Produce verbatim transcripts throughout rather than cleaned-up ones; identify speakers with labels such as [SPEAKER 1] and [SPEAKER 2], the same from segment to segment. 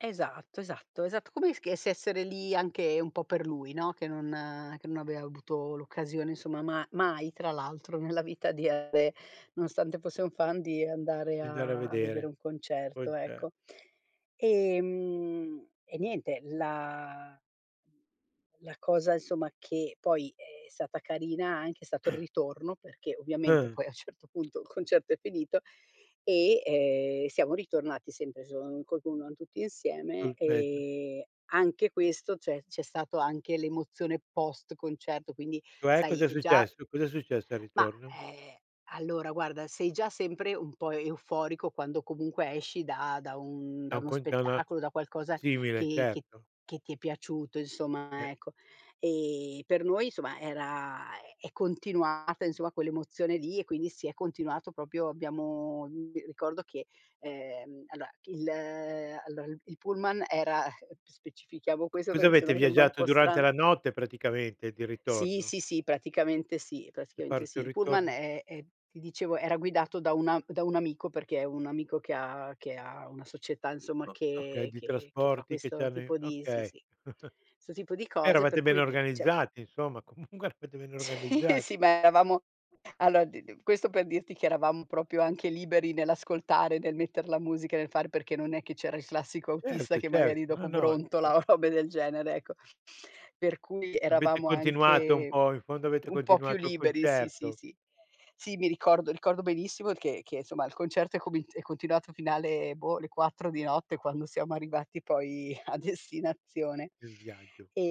[SPEAKER 1] Esatto, esatto, esatto. Come esc essere lì anche un po' per lui, no, che non che non avea avuto l'occasione, insomma, ma mai tra l'altro nella vita di andare, nonostante fosse un fan, di andare
[SPEAKER 2] Di andare a
[SPEAKER 1] a a vedere
[SPEAKER 2] vedere,
[SPEAKER 1] un
[SPEAKER 2] poi,
[SPEAKER 1] concerto,
[SPEAKER 2] ce
[SPEAKER 1] ecco. Ehm, e niente, la la cosa, insomma, che poi è stata carina anche è stato il ritorno, perché ovviamente
[SPEAKER 2] Eh.
[SPEAKER 1] poi a un certo punto il concerto è finito e, ehm, siamo ritornati sempre s [unintelligible] tutti insieme
[SPEAKER 2] Sul pezzo.
[SPEAKER 1] e anche questo, c'è c'è stato anche l'emozione post concerto, quindi
[SPEAKER 2] Cioè,
[SPEAKER 1] sai
[SPEAKER 2] cos'è
[SPEAKER 1] già
[SPEAKER 2] successo? Cos'è successo al
[SPEAKER 1] ma,
[SPEAKER 2] ritorno?
[SPEAKER 1] ehm, allora guarda, sei già sempre un po' euforico quando comunque esci da da un
[SPEAKER 2] Da
[SPEAKER 1] da
[SPEAKER 2] un
[SPEAKER 1] uno
[SPEAKER 2] con da una
[SPEAKER 1] spettacolo, da qualcosa
[SPEAKER 2] simile,
[SPEAKER 1] che che
[SPEAKER 2] certo.
[SPEAKER 1] che ti è piaciuto,
[SPEAKER 2] Eh.
[SPEAKER 1] insomma, ecco. Ehm, per noi, insomma, era è è continuata, insomma, quell'emozione lì e quindi si è continuato propio abbiamo ricordo che, ehm, allora il allora il il pullman era
[SPEAKER 2] Uh,
[SPEAKER 1] specifichiamo
[SPEAKER 2] c
[SPEAKER 1] questo
[SPEAKER 2] cosa
[SPEAKER 1] perché
[SPEAKER 2] avete
[SPEAKER 1] sennò sembra un
[SPEAKER 2] viaggiato
[SPEAKER 1] po'
[SPEAKER 2] durante
[SPEAKER 1] strano.
[SPEAKER 2] la notte praticamente, di
[SPEAKER 1] Sì,
[SPEAKER 2] ritorno?
[SPEAKER 1] sì, sì, praticamente sì,
[SPEAKER 2] Se
[SPEAKER 1] praticamente
[SPEAKER 2] parto
[SPEAKER 1] sì.
[SPEAKER 2] e
[SPEAKER 1] Il pullman
[SPEAKER 2] ritorno.
[SPEAKER 1] è è ti dicevo, era guidato da una da un amico, perché è un amico che ha che ha una società, insomma,
[SPEAKER 2] O okay,
[SPEAKER 1] che
[SPEAKER 2] di
[SPEAKER 1] che che fa
[SPEAKER 2] trasporti che
[SPEAKER 1] questo
[SPEAKER 2] c'hanno i
[SPEAKER 1] tipo di sì,
[SPEAKER 2] okay.
[SPEAKER 1] sì, 'sto tipo di cose
[SPEAKER 2] Eravate
[SPEAKER 1] per
[SPEAKER 2] ben
[SPEAKER 1] cui, cioè
[SPEAKER 2] organizzati insomma, comunque eravate ben
[SPEAKER 1] Sì,
[SPEAKER 2] organizza
[SPEAKER 1] sì, ma eravamo aloa d d questo per dirti che eravamo propio anche liberi nell'ascoltare, nel metter la musica, nel fare, perché non è che c'era il classico autista
[SPEAKER 2] Certo,
[SPEAKER 1] che magari
[SPEAKER 2] certo. No,
[SPEAKER 1] dopo
[SPEAKER 2] no.
[SPEAKER 1] brontola
[SPEAKER 2] [unintelligible]
[SPEAKER 1] o robe del genere, ecco. Per cui
[SPEAKER 2] Avete
[SPEAKER 1] eravamo
[SPEAKER 2] continuato un
[SPEAKER 1] anche
[SPEAKER 2] po'. In fondo avete
[SPEAKER 1] un po' più
[SPEAKER 2] continuato il
[SPEAKER 1] liberi, sì, sì,
[SPEAKER 2] concerto.
[SPEAKER 1] sì. Sì, mi ricordo ricordo benissimo che che, somma, il concerto è comi è continuato alla fine, boh, le quattro di notte quando siamo arrivati poi a destinazione.
[SPEAKER 2] Il viaggio.
[SPEAKER 1] Ehm,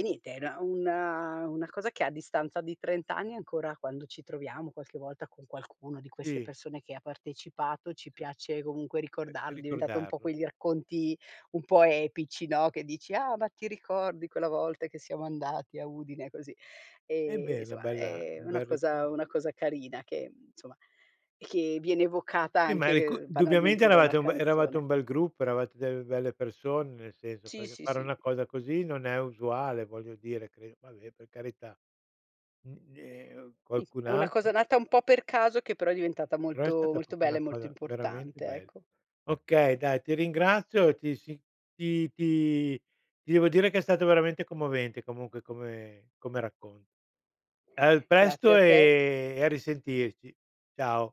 [SPEAKER 1] e niente, era una una cosa che a distanza di trent anni ancora, quando ci troviamo qualche volta con qualcuna di queste
[SPEAKER 2] Sì.
[SPEAKER 1] persone che ha partecipato, ci piace comunque
[SPEAKER 2] S eh,
[SPEAKER 1] ricordarlo, è diventato un po'
[SPEAKER 2] ricordarlo.
[SPEAKER 1] quei racconti un po' epici, no, che dici: "Ah, ma ti ricordi quella volta che siamo andati a Udine, così".
[SPEAKER 2] Eh beh,
[SPEAKER 1] Ehm,
[SPEAKER 2] è una
[SPEAKER 1] nsoma,
[SPEAKER 2] bella
[SPEAKER 1] è
[SPEAKER 2] un
[SPEAKER 1] una
[SPEAKER 2] bel rico
[SPEAKER 1] cosa una cosa carina che, nsoma, che viene evocata
[SPEAKER 2] Sì, ma il ricu
[SPEAKER 1] anche
[SPEAKER 2] dubbiamente
[SPEAKER 1] banalmente da una
[SPEAKER 2] eravate un be eravate
[SPEAKER 1] canzone.
[SPEAKER 2] un bel gruppo, eravate delle belle persone, nel senso,
[SPEAKER 1] Sì,
[SPEAKER 2] perché
[SPEAKER 1] sì,
[SPEAKER 2] fare
[SPEAKER 1] sì.
[SPEAKER 2] una cosa così non è usuale, voglio dire, credo, vabbè, per carità. Mh, ehm,
[SPEAKER 1] Sì,
[SPEAKER 2] qualcun
[SPEAKER 1] è una cosa
[SPEAKER 2] altro
[SPEAKER 1] nata un po' per caso che però è diventata
[SPEAKER 2] Però è
[SPEAKER 1] molto,
[SPEAKER 2] stata
[SPEAKER 1] molto
[SPEAKER 2] propio
[SPEAKER 1] bella
[SPEAKER 2] una
[SPEAKER 1] e molto
[SPEAKER 2] cosa veramente
[SPEAKER 1] importante.
[SPEAKER 2] bella.
[SPEAKER 1] ecco.
[SPEAKER 2] Okay, dai, ti ringrazio, ti si ti ti ti devo dire che è stato veramente commovente comunque come come racconto. Al
[SPEAKER 1] Grazie
[SPEAKER 2] presto
[SPEAKER 1] a te.
[SPEAKER 2] e e a risentirci. Ciao.